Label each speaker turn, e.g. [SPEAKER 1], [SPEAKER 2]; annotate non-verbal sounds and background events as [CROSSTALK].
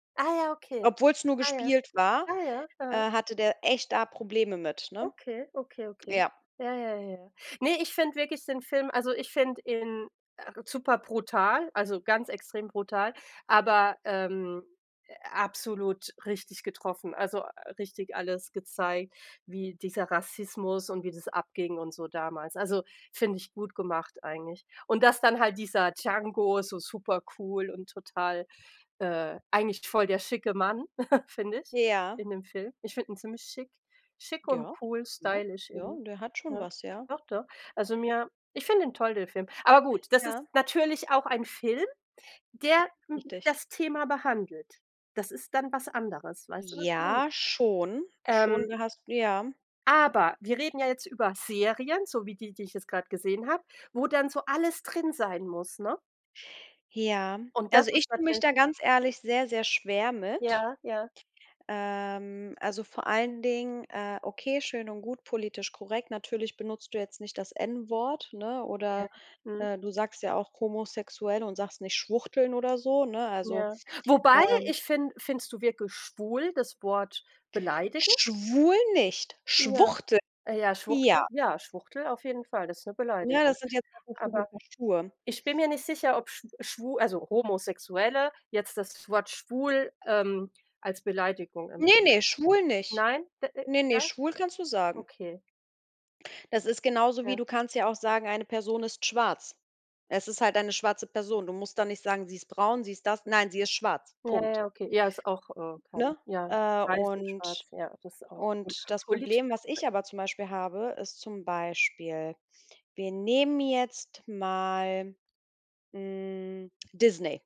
[SPEAKER 1] Ah, ja, okay.
[SPEAKER 2] Obwohl's nur
[SPEAKER 1] Ah, ja,
[SPEAKER 2] gespielt war,
[SPEAKER 1] ah, ja, aha.
[SPEAKER 2] äh, hatte der echt da Probleme mit, ne?
[SPEAKER 1] Okay, okay, okay.
[SPEAKER 2] Ja.
[SPEAKER 1] Ja, ja, ja. Ne, ich finde wirklich den Film also ich finde ihn, äh, superbrutal, also ganz extrem brutal, aber, ähm, absolut richtig getroffen, also, richtig alles gezeigt, wie dieser Rassismus und wie das abging und so damals. Also, finde ich gut gemacht eigentlich und dass dann halt dieser Django so supercool und total äh, eigentlich voll der schicke Mann, [CHUCKLES] finde ich,
[SPEAKER 2] Ja.
[SPEAKER 1] in dem Film. Ich finde ihn ziemlich schick, schick und
[SPEAKER 2] Ja,
[SPEAKER 1] cool
[SPEAKER 2] ja,
[SPEAKER 1] stylisch
[SPEAKER 2] ja,
[SPEAKER 1] irgendwie,
[SPEAKER 2] der hat schon
[SPEAKER 1] ja.
[SPEAKER 2] was, ja.
[SPEAKER 1] Doch, doch. Also, mir ich finde ihn toll, den Film. Aber gut, das ist
[SPEAKER 2] Ja.
[SPEAKER 1] natürlich auch ein Film, der
[SPEAKER 2] Richtig.
[SPEAKER 1] das Thema behandelt. Das ist dann was anderes, weißt du, was ich meine?
[SPEAKER 2] Ja, schon, schon,
[SPEAKER 1] Ähm.
[SPEAKER 2] da hast ja.
[SPEAKER 1] Aber wir reden ja jetzt über Serien, so wie die, die ich jetzt gerade gesehen habe, wo dann so alles drin sein muss, ne?
[SPEAKER 2] Ja,
[SPEAKER 1] Und das
[SPEAKER 2] also, ich
[SPEAKER 1] ist
[SPEAKER 2] tue mich
[SPEAKER 1] natür
[SPEAKER 2] da ganz ehrlich sehr, sehr schwer mit.
[SPEAKER 1] Ja, ja.
[SPEAKER 2] Ähm, also, vor allen Dingen äh, okay, schön und gut, politisch korrekt. Natürlich benutzt du jetzt nicht das N-Wort, ne,
[SPEAKER 1] Ja,
[SPEAKER 2] oder,
[SPEAKER 1] mhm.
[SPEAKER 2] äh, du sagst ja auch „homosexuell“ und sagst nicht „Schwuchteln“ oder so, ne? Also,
[SPEAKER 1] Ja, wobei,
[SPEAKER 2] ähm
[SPEAKER 1] ich finde findest du wirklich „schwul“ das Wort beleidigend?
[SPEAKER 2] „Schwul“, nicht
[SPEAKER 1] Ja,
[SPEAKER 2] „Schwuchtel“,
[SPEAKER 1] äh, ja,
[SPEAKER 2] ja.
[SPEAKER 1] Schwuchtel ja, Schwuchtel auf jeden Fall, das ist 'ne
[SPEAKER 2] Ja,
[SPEAKER 1] Beleidigung.
[SPEAKER 2] das sind ja 2 verschiedene
[SPEAKER 1] Aber
[SPEAKER 2] Paar Schuhe.
[SPEAKER 1] ich bin mir nicht sicher, ob schw schw also, Homosexuelle, jetzt das Wort „schwul“, ähm, als Beleidigung
[SPEAKER 2] Ne,
[SPEAKER 1] empfinden.
[SPEAKER 2] ne, schwul nicht.
[SPEAKER 1] Nein? D äh,
[SPEAKER 2] Ne, ne,
[SPEAKER 1] ja?
[SPEAKER 2] schwul kannst du sagen.
[SPEAKER 1] Okay.
[SPEAKER 2] Das ist genauso wie,
[SPEAKER 1] Ja.
[SPEAKER 2] du kannst ja auch sagen, eine Person ist schwarz. Es ist halt eine schwarze Person. Du musst dann nicht sagen, sie ist braun, sie ist das, nein, sie ist schwarz.
[SPEAKER 1] Ja,
[SPEAKER 2] Punkt.
[SPEAKER 1] ja, okay. Ja, ist auch, äh, kein
[SPEAKER 2] Ne?
[SPEAKER 1] ja,
[SPEAKER 2] Äh,
[SPEAKER 1] weiß und
[SPEAKER 2] und
[SPEAKER 1] schwarz, ja, das ist auch pol
[SPEAKER 2] und das
[SPEAKER 1] politisch
[SPEAKER 2] Problem, was
[SPEAKER 1] korrekt.
[SPEAKER 2] ich aber zum Beispiel habe, ist zum Beispiel wir nehmen jetzt mal, hm, Disney.